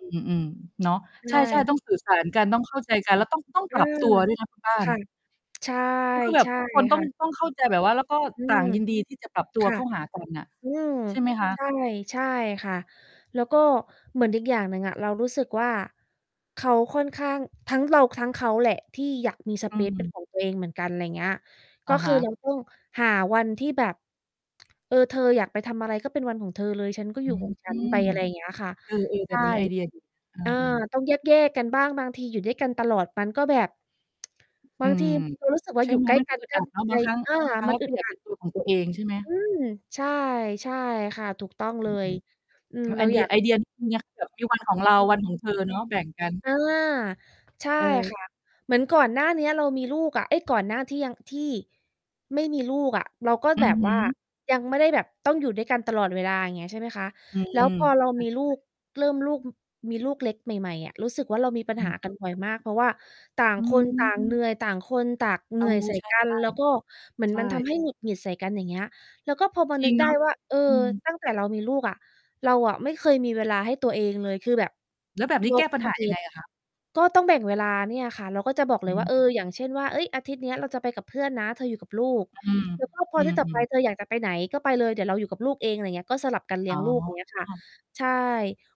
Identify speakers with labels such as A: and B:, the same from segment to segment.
A: อืม ๆ เนาะ
B: ใช
A: ใช่
B: ่
A: ๆ ต้อง สื่อ สารกัน ต้องเข้าใจกันแล้วต้อง ต้อง
B: อ
A: ป
B: ื
A: รับ
B: อ
A: ตัว ด้วยนะคุณบ้า
B: ค
A: น
B: ่ะ ใช่
A: ก็คือแบ
B: ใช
A: บ
B: ่
A: ทุกคนต้
B: ค
A: อ
B: ่
A: ง
B: ะ
A: ต้องเข้าใจแบบว่า แล้วก็
B: อื
A: ต่
B: ม
A: างยินดีที่จะปรับตั
B: ค
A: ว
B: ่
A: เ
B: ะ
A: ข้าหา กันน่ะ
B: อืม
A: ใช่ไหมคะ?
B: ใช่ ใช่ค่ะ แล้วก็เหมือนอีกอย่างหนึ่งอะ เรารู้สึกว่าเขาค่อนข้าง ทั้งเราทั้งเขาแหละที่อยากมี ส
A: อื
B: เปซ เป็น
A: ม
B: ของตัวเองเหมือนกัน อะไรเงี้ย ก
A: อ
B: ็
A: ะ
B: ค
A: ฮ
B: ือ
A: ะ
B: เรา ต้องหาวันที่แบบ เออ "เธออยากไปทำอะไรก็เป็นวันของเธอเลย ฉันก็
A: อ
B: อย
A: ื
B: ู่
A: ม
B: ของ ฉันไป" อะไรอย่างเงี้ยค่ะ
A: เออ ๆ แ
B: ใช
A: บ
B: ่
A: บนี้ไอเดีย ดี เอ
B: อา
A: อ ๆ
B: ต้องแยก ๆ กันบ้าง บางทีอยู่ด้วยกันตลอดมันก็แบบ บ
A: อ
B: า
A: ื
B: งที
A: ม
B: เรารู้สึกว่
A: ใ
B: า
A: ช่
B: อยู่
A: ไหม?
B: ใกล้
A: มัน
B: ก
A: ก็
B: ัน
A: อึด
B: ก
A: อ
B: ็
A: ัดเนาะ
B: เล
A: บาง
B: ย
A: ครั้ง
B: อา
A: บางครั้ง
B: มั
A: เ
B: น
A: รา
B: อึ
A: ก็
B: ด
A: อยา
B: อ
A: ก
B: ั
A: เป็
B: ด
A: นตัวของตัวเองใช่ไหม?
B: อืม ใช่ ใช่ค่ะ ถูกต้อง
A: อ
B: เ
A: ื
B: ลย
A: อ
B: อืม
A: ๆ น ไ
B: เร
A: อ
B: า
A: เดี
B: อย
A: ย
B: าก
A: ไอเดียเนี้ยแบบมีวันของเรา วันของเธอเนาะ แบ่งกัน
B: อา ใช่ ค
A: เออ
B: ่ะ เหมือนก่อนหน้าเนี้ยอะเรามีลูกอะ เอ๊ย ก่อนหน้าที่ยัง ที่ ไม่มีลูกอะ เราก็
A: อื
B: แบ
A: อ
B: บ
A: ฮ
B: ว่า
A: ึ
B: ยังไม่ได้แบบต้องอยู่ด้วยกันตลอดเวลา อย่างเงี้ย ใช่ไหมคะ
A: อื
B: แล้ว
A: ม
B: พอเรา
A: ใช่
B: มีลู
A: ๆ
B: ก เริ่มลูก อ มีลูกเล็กใหม่ ๆ อะ รู้สึกว่าเรามีปัญ
A: อ
B: หา
A: ืม
B: กันบ่อยมาก เพราะว่าต่าง
A: อื
B: คนต่า
A: อ
B: ง เหนื่อย ต่างคนต่างเ
A: เ
B: ห
A: อ
B: น
A: อ
B: ื่อย ใส่
A: ใ
B: กัน
A: ช่
B: แล้วก็
A: ๆ
B: เหมือน
A: ใช
B: มันท
A: ่
B: ำให้หงุดหงิดใส่กัน อย่างเงี้ย แล้วก็พอมา
A: จร
B: น
A: ิ
B: ึ
A: ง
B: ก
A: เ
B: ไ
A: น
B: ด้
A: าะ
B: ว่า "เออ
A: อืม
B: ตั้งแต่เรามีลูกอะ เราอะไม่เคยมีเวลาให้ตัวเองเลย" คือแบบ
A: แล้วแบบนี้
B: ย
A: แก้
B: ก
A: ปัญ
B: ส
A: หา
B: เป
A: ยังไง
B: ซ
A: อะคะ?
B: ก็ต้องแบ่งเวลาเนี่ยค่ะ เราก็จะบอกเ
A: อ
B: ลย
A: ื
B: ว่า เ
A: ม
B: ออ อย่างเช่นว่า "เอ๊ย อาทิตย์เนี้ยเราจะไปกับเพื่อนนะ เธออยู่กับลูก
A: อือ
B: แล้วก็พอ
A: อื
B: อาทิตย์ต่อไป
A: อ ๆ
B: เธออยากจะไปไหนก็ไปเลย เดี๋ยวเราอยู่กับลูกเอง" อะไรเงี้ย ก็สลับกันเลี
A: อ
B: ้
A: ๋
B: ยงลูก อย่างเงี้ยค่ะ
A: อ
B: ใช่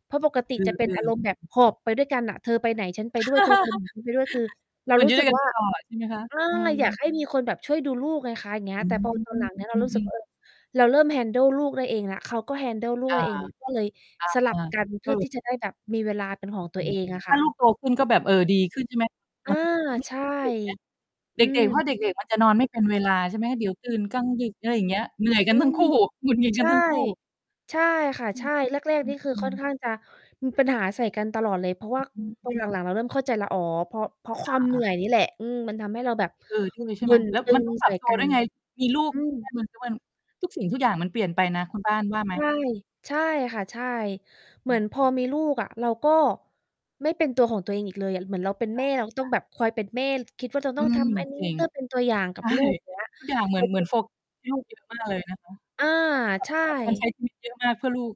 B: เพราะปกติ
A: อื
B: จะ
A: อ
B: เป็
A: ๆ
B: น
A: อื
B: อ
A: อ
B: ารมณ์แบบหอบไปด้วยกันน่ะ เธอไปไหนฉันไปด้วย เธอไปไหนไปด้วย คือเรา
A: เหมือน
B: ร
A: อ
B: ู
A: ยู
B: ้
A: ่ด
B: ส
A: ้
B: ึ
A: ว
B: ก
A: ยกัน
B: ว่า
A: ตลอด ใช่ไหมคะ?
B: อา
A: เออ
B: อยากให้มีคนแบบช่วยดูลูกไงคะ อย่างเงี้
A: อ
B: ย
A: ื
B: แต่
A: ม
B: พอตอนหลังเนี้ย เ
A: อ
B: รา
A: ื
B: รู้สึก
A: อ
B: ว
A: ๆ
B: ่า เออ เราเริ่ม handle ลูกได้เองแล้ว เขาก็ handle ลู
A: อ
B: กไ
A: า
B: ด้ เอง ก
A: อ
B: ็เลยสลับ
A: า
B: กันเพ
A: ส
B: ื่อ
A: รุ
B: ที
A: ป
B: ่จะได้แบบมีเวลาเป็นของตั
A: อ
B: ว
A: ื
B: เอ
A: อ
B: งอะ
A: ถ
B: ค
A: ้
B: ่
A: าล
B: ะ
A: ูกโตขึ้นก็แบบเออดีขึ้น ใช่ไหม? ต
B: อ
A: อ
B: า
A: นนี้
B: ใช่
A: เด็กเนี้ย
B: อ
A: เ
B: ื
A: ด็ก ๆ เพรา
B: ม
A: ะเด็ก ๆ มันจะนอนไม่เป็นเวลาใช่ไหม? เดี๋ยวตื่นกลางดึก อะไรอย่างเงี้ย เหนื่อยก
B: อ
A: ั
B: ื
A: นทั้ง
B: ม
A: คู่ หงุดหงิด
B: ใช
A: กัน
B: ่
A: ทั้งคู่
B: ใช่ค่ะ
A: อื
B: ใช
A: อ
B: ่ แรก
A: อ
B: ๆ นี่คือ
A: ื
B: ค่อ
A: อ
B: น
A: ๆ
B: ข้างจะมีปัญหาใส่กันตลอดเลย เพราะว่า
A: อื
B: ต
A: ม
B: อนหลัง ๆ เราเริ่มเข้าใจแล้ว อ๋อ เพราะ เพราะค
A: อ
B: วามเหนื
A: า
B: ่
A: ๆ
B: อยนี่แหละ อืม มันทำให้เราแบบ
A: เออ ด้วยเลยใช่
B: บ
A: ไห
B: ่
A: ม?
B: น
A: แล้ว
B: ตึ
A: มัน
B: ง
A: ต้องป
B: ใ
A: ร
B: ส
A: ั
B: ่
A: บตั
B: ก
A: ว
B: ั
A: ด้ว
B: น
A: ยไง มีลูก
B: อื
A: แล้
B: ม
A: วเหมือนจะเป็น ทุกสิ่งทุกอย่างมันเปลี่ยนไปนะ คุณบ้านว่าไหม?
B: ใช่ ใช่ค่ะ ใช่ เหม
A: อื
B: ือน
A: อ
B: พอมีลูกอะ เราก็ ไม่เป็นตัวของตัวเองอีกเลยอะ เหมือนเราเป็น
A: ค
B: แ
A: ่
B: ม่เราก็ต้อง
A: ะ ๆ
B: แบบคอยเป็นแม่ คิดว่าจะ
A: อ
B: ต
A: ื
B: ้องท
A: ม
B: ำ อันนี
A: จ
B: ้
A: ริง
B: เพื่อ เป็นตัวอย่างก
A: ใ
B: ั
A: ช
B: บ
A: ่
B: ลูก อย่างเงี้ย
A: ทุกอย่างเหม
B: แ
A: ื
B: ต
A: อ
B: ่
A: น เหม
B: จ
A: ื
B: ร
A: อ
B: ิ
A: น
B: ง
A: โฟกัสให้ลูกเยอะมากเลยนะคะ
B: อา ใช
A: จะต้องแบบควรใช้
B: ่
A: ชีวิตเยอะมาก เพื่อลูก